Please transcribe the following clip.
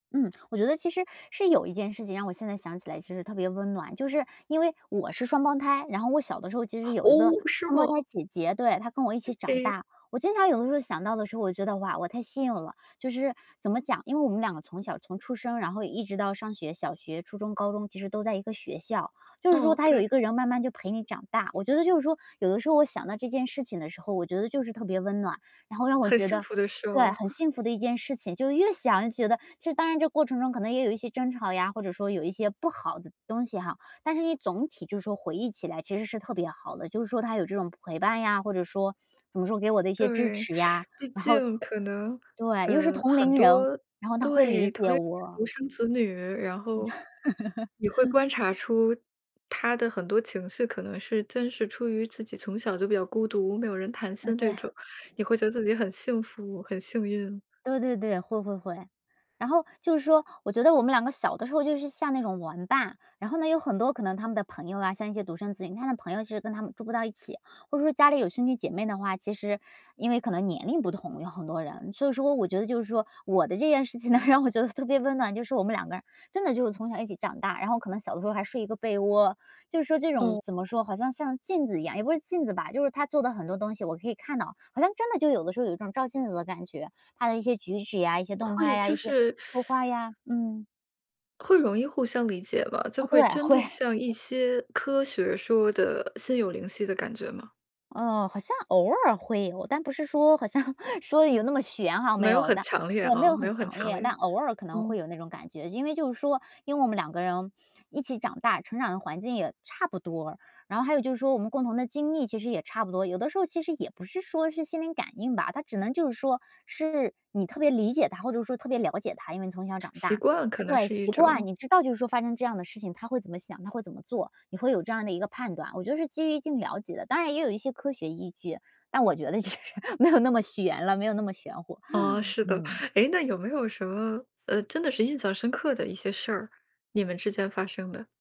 嗯。我觉得其实，是有一件事情让我现在想起来其实特别温暖。就是因为我是双胞胎，然后我小的时候其实有一个哦，是双胞胎吗？姐姐，对，她跟我一起长诶。大。我经常有的时候想到的时候，我觉得，哇，我太幸运了。就是，怎么讲，因为我们两个从小从出生然后一直到上学，小学、初中、高中其实都在一个学校。就是说哦，她有一对。个人慢慢就陪你长大，我觉得就是说，有的时候我想到这件事情的时候，我觉得就是特别温暖。然后让我很觉幸得福的事对，哦。很幸福的一件事情。就越想越觉得其实当然这过程中可能也有一些争吵呀，或者说有一些不好的东西哈。但是你总体就是说回忆起来其实是特别好的，就是说她有这种陪伴呀，或者说，怎么说给我的一些支对，持 呀，毕然后竟可能，对，又是呃，同很龄人，多然后她会对，理同解龄人是我。独生子女。然后，你会 观察出她的很多情绪可能是真是出于自己从小就比较孤独，没有人谈啊，心对这啊。种，你会觉得自己很幸福、很幸运。对对对，会会会。然后就是说，我觉得我们两个小的时候就是像那种玩伴，然后呢，有很多可能他们的朋友啊，像一些独生子女，他们的朋友其实跟他们住不到一起。或者说家里有兄弟姐妹的话，其实因为可能年龄不同有很多人。所以说，我觉得就是说，我的这件事情呢让我觉得特别温暖，就是我们两个人，真的就是从小一起长大，然后可能小的时候还睡一个被窝。就是说这种哦。怎么说，好像像镜子一样，也不是镜子吧。就是她做的很多东西，我可以看到。好像真的就有的时候，有一种照镜子的感觉，她的一些举止呀，一些动会，态呀，就一些是说话呀，嗯。会容易互相理解吧，就哦，对，会真会。的像一些科学说的心有灵犀的感觉吗？哦，好像偶尔会有，但不是说好像说得有那么玄哈，没没有有很的。强烈我没啊有没很有很强强烈，烈。但偶尔可能会嗯。有那种感觉。因为就是说，因为我们两个人一起长大，成长的环境也差不多。然后还有就是说，我们共同的经历其实也差不多，有的时候其实也不是说是心灵感应吧。它只能就是说，是你特别理解她，或者说特别了解她，因为从小长习大。惯，可啊，能对，是一习惯，种。你知道就是说发生这样的事情，她会怎么想，她会怎么做。你会有这样的一个判断，我觉得是基于一定了解的，当然也有一些科学依据，但我觉得其实没有那么玄了，没有那么玄乎。哦，是的。嗯。哎，那有没有什么，呃，真的是印象深刻的一些事儿，你们之间发生的？